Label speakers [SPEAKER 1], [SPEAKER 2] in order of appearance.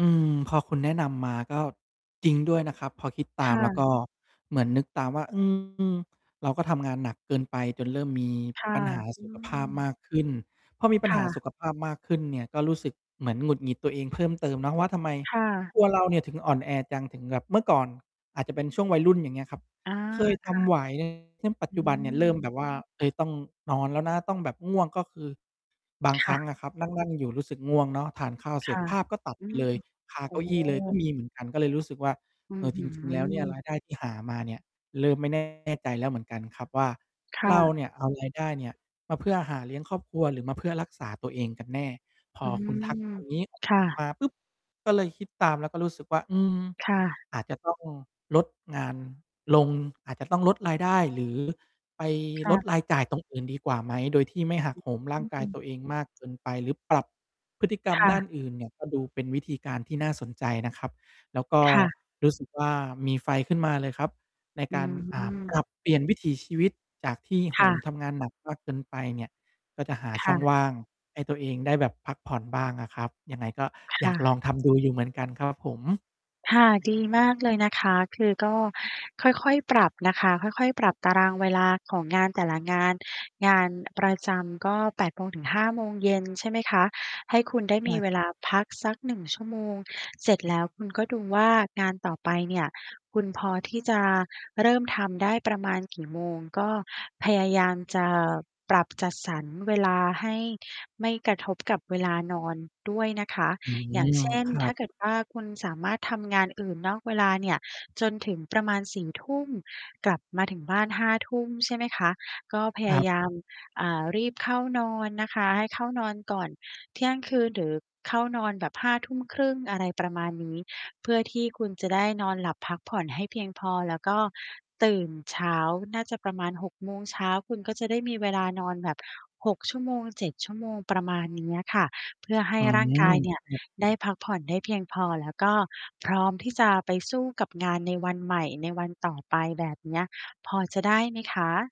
[SPEAKER 1] อืม พอคุณแนะนำมา ก็จริงด้วยนะครับ พอคิดต
[SPEAKER 2] ค
[SPEAKER 1] าม
[SPEAKER 2] ่
[SPEAKER 1] แล้วก
[SPEAKER 2] ะ
[SPEAKER 1] ็ เหมือนนึกตามว่า อืม เราก็ทำงานหนักเกินไป จนเริ่มมี
[SPEAKER 2] ค่ะ
[SPEAKER 1] ปัญหา
[SPEAKER 2] อื
[SPEAKER 1] สุขภาพม
[SPEAKER 2] ม
[SPEAKER 1] ากขึ้น พอมี ปัญ
[SPEAKER 2] ค
[SPEAKER 1] ห
[SPEAKER 2] ่
[SPEAKER 1] าสุ
[SPEAKER 2] ะ
[SPEAKER 1] ขภาพมากขึ้นเนี่ยก็รู้สึกเหมือนหงุดหงิดตัวเองเพิ่ม เติมเนาะว่า ทำไม
[SPEAKER 2] ค่ะ
[SPEAKER 1] ตัวเราเนี่ยถึงอ่อนแอจัง? ถึง แบบเมื่อก่อน อาจจะเป็นช่วงวัยรุ่น อย่างเงี้ยครับ
[SPEAKER 2] อา
[SPEAKER 1] เคย
[SPEAKER 2] ค
[SPEAKER 1] ท
[SPEAKER 2] ่ะ
[SPEAKER 1] ำ ไหว ซึ่งปัจ
[SPEAKER 2] อ
[SPEAKER 1] จ
[SPEAKER 2] ื
[SPEAKER 1] ุบันเนี่ยเริ่
[SPEAKER 2] ม
[SPEAKER 1] ม แบบว่า เฮ้ย ต้องนอนแล้วนะ ต้องแบบ ง่วงก็คือ บาง
[SPEAKER 2] ค
[SPEAKER 1] คร
[SPEAKER 2] ่
[SPEAKER 1] ั้
[SPEAKER 2] ะ
[SPEAKER 1] งอะครับ นั่ง ๆ อยู่รู้สึกง่วงเนาะ ทานข้าวเส
[SPEAKER 2] ค
[SPEAKER 1] ร็
[SPEAKER 2] ่
[SPEAKER 1] จ
[SPEAKER 2] ะ
[SPEAKER 1] ภาพก็ตัด
[SPEAKER 2] อื
[SPEAKER 1] ไป
[SPEAKER 2] อ
[SPEAKER 1] เล
[SPEAKER 2] ฮ
[SPEAKER 1] ย
[SPEAKER 2] ึ
[SPEAKER 1] คา
[SPEAKER 2] โอ
[SPEAKER 1] เก
[SPEAKER 2] ้
[SPEAKER 1] ้า
[SPEAKER 2] โ
[SPEAKER 1] อี้เลย ก็
[SPEAKER 2] ฮ!
[SPEAKER 1] มีเหมือนกัน ก็เลยรู้สึกว่า
[SPEAKER 2] อื้
[SPEAKER 1] เอ่
[SPEAKER 2] อ
[SPEAKER 1] อ
[SPEAKER 2] ฮ
[SPEAKER 1] จ
[SPEAKER 2] ื
[SPEAKER 1] ริง ๆ แล้ว เนี่ย
[SPEAKER 2] อ
[SPEAKER 1] รายได้ที่หามาเนี่ยเริ่มไม่ แน่ ใจแล้วเหมือนกันครับว่า
[SPEAKER 2] ค่
[SPEAKER 1] เรา
[SPEAKER 2] ะ
[SPEAKER 1] เนี่ย เอาราย ได้เนี่ย มาเพื่อหาเลี้ยงครอบครัว หรือมาเพื่อรักษาตัวเองกันแน่ พ
[SPEAKER 2] อ
[SPEAKER 1] อ
[SPEAKER 2] ื
[SPEAKER 1] คุณทัก
[SPEAKER 2] ม
[SPEAKER 1] ตรง นี้
[SPEAKER 2] ค่ะ
[SPEAKER 1] มาปุ๊บ ก็เลยคิดตามแล้วก็รู้สึกว่า อืม
[SPEAKER 2] ค่ะ
[SPEAKER 1] อาจจะ ต้อง ลดงานลง อาจจะต้องลดรายได้ หรือ ไป
[SPEAKER 2] ค่
[SPEAKER 1] ล
[SPEAKER 2] ะ
[SPEAKER 1] ดรายจ่ายตรงอื่นดีกว่าไหม? โดยที่ไม่หักโหมร
[SPEAKER 2] อ
[SPEAKER 1] ่
[SPEAKER 2] ื
[SPEAKER 1] างกาย
[SPEAKER 2] ม
[SPEAKER 1] ตัวเองมากเกินไป หรือปรับพฤติกรร
[SPEAKER 2] ค
[SPEAKER 1] ม
[SPEAKER 2] ่
[SPEAKER 1] ด้า
[SPEAKER 2] ะ
[SPEAKER 1] นอื่นเนี่ย ก็ ดูเป็นวิธีการที่น่าสนใจนะครับ แล้วก็
[SPEAKER 2] ค่ะ
[SPEAKER 1] รู้ สึก ว่า มีไฟขึ้นมาเลยครับ ใน
[SPEAKER 2] อื
[SPEAKER 1] การ
[SPEAKER 2] ม
[SPEAKER 1] อ่า ปรับเปลี่ยนวิถีชีวิตจากที่โห
[SPEAKER 2] ค่
[SPEAKER 1] ม
[SPEAKER 2] ะ
[SPEAKER 1] ทำงานหนักมากเกินไปเนี่ย ก็จะหา
[SPEAKER 2] ค
[SPEAKER 1] ช่
[SPEAKER 2] ่
[SPEAKER 1] อง
[SPEAKER 2] ะ
[SPEAKER 1] ว่างให้ตัวเองได้แบบพักผ่อนบ้างอะครับ ยังไงก็
[SPEAKER 2] ค
[SPEAKER 1] อย
[SPEAKER 2] ่
[SPEAKER 1] ากล
[SPEAKER 2] ะ
[SPEAKER 1] อง ทำดูอยู่เหมือนกัน ครับ ผม
[SPEAKER 2] ค่ะ
[SPEAKER 1] อื
[SPEAKER 2] ดี
[SPEAKER 1] ม
[SPEAKER 2] มากเลยนะคะ คือก็ค่อย ๆ ปรับนะคะ ค่อย ๆ ปรับตารางเวลาของงานแต่ละงาน งาน ประจำก็ 8 โมงถึง 5 โมงเย็น ใช่ไหมคะ ให้คุณได้
[SPEAKER 1] ใช
[SPEAKER 2] ม
[SPEAKER 1] ่
[SPEAKER 2] ีเว
[SPEAKER 1] คร
[SPEAKER 2] ล
[SPEAKER 1] ับ
[SPEAKER 2] าพักสัก 1 ชั่วโมง เสร็จแล้วคุณก็ดูว่า งานต่อไปเนี่ยคุณพอที่จะเริ่มทำได้ประมาณกี่โมง? ก็พยายามจะปรับ จัดสรรเวลาให้ไม่กระทบกับเวลานอนด้วยนะคะ
[SPEAKER 1] อื
[SPEAKER 2] อย่า
[SPEAKER 1] ม
[SPEAKER 2] งเช่น
[SPEAKER 1] ครั
[SPEAKER 2] ถ้
[SPEAKER 1] บ
[SPEAKER 2] าเกิดว่า คุณสามารถทำงานอื่นนอกเวลาเนี่ย จนถึงประมาณ 4 ทุ่ม กลับมาถึงบ้าน 5 ทุ่มใช่ไหมคะ ก็พย
[SPEAKER 1] คร
[SPEAKER 2] า
[SPEAKER 1] ับ
[SPEAKER 2] ยาม อ่า รีบเข้านอนนะคะ ให้เข้านอนก่อนเที่ยงคืน หรือเข้านอนแบบ 5 ทุ่มครึ่ง อะไรประมาณนี้ เพื่อที่คุณจะได้นอนหลับพักผ่อนให้เพียงพอ แล้วก็ตื่นเช้า น่าจะประมาณ 6 โมงเช้า คุณก็จะได้มีเวลานอนแบบ 6 ชั่วโมง 7 ชั่วโมง ประมาณเนี้ยค่ะ เพื่อให
[SPEAKER 1] อ
[SPEAKER 2] ้
[SPEAKER 1] ื
[SPEAKER 2] ร่าง
[SPEAKER 1] ม
[SPEAKER 2] กาย เนี
[SPEAKER 1] ค
[SPEAKER 2] ่
[SPEAKER 1] ร
[SPEAKER 2] ย
[SPEAKER 1] ับ
[SPEAKER 2] ได้พักผ่อนได้เพียงพอ แล้วก็พร้อมที่จะไปสู้กับงานในวันใหม่ในวันต่อไป แบบเนี้ย พอจะได้ไหมคะ?